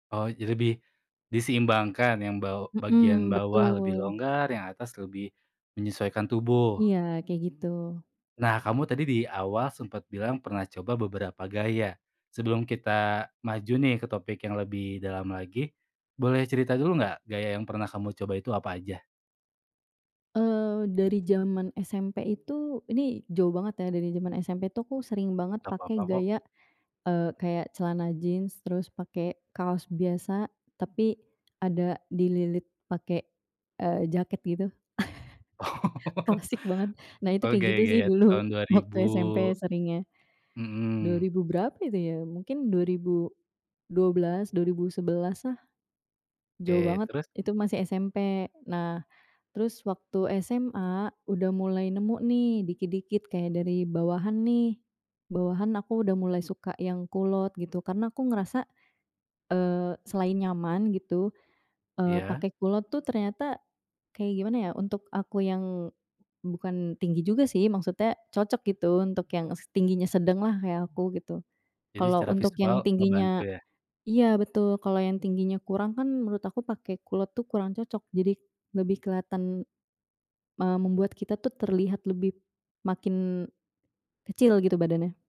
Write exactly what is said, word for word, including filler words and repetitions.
Oh, jadi lebih diseimbangkan yang baw bagian Mhm, bawah lebih betul. longgar, yang atas lebih menyesuaikan tubuh. Iya, kayak gitu. Nah kamu tadi di awal sempat bilang pernah coba beberapa gaya. Sebelum kita maju nih ke topik yang lebih dalam lagi, boleh cerita dulu nggak gaya yang pernah kamu coba itu apa aja? Eee, dari jaman SMP itu, ini jauh banget ya dari jaman SMP tuh aku sering banget Gak pakai papa kok. gaya, eee, kayak celana jeans, terus pakai kaos biasa tapi ada dililit pakai, eee, jaket gitu Oh, klasik banget. Nah itu oh kayak gitu sih gaya-gaya dulu tahun dua ribu, waktu SMP seringnya, dua mhm. ribu berapa itu ya? mungkin dua ribu dua belas, dua ribu sebelaslah. Jauh Oke, banget terus. itu masih SMP. Nah terus waktu SMA udah mulai nemu nih dikit-dikit kayak dari bawahan nih, bawahan aku udah mulai suka yang kulot gitu. Karena aku ngerasa, eee, selain nyaman gitu, eee, Ya. pakai kulot tuh ternyata kayak gimana ya untuk aku yang bukan tinggi juga sih maksudnya cocok gitu untuk yang s tingginya sedanglah kayak aku gitu. Jadi Kalau secara untuk visual yang ngebantu tingginya ya. iya betul, kalau yang tingginya kurang kan menurut aku pakai kulot tuh kurang cocok jadi lebih keliatan, eee, membuat kita tuh terlihat lebih b makin kecil gitu badannya.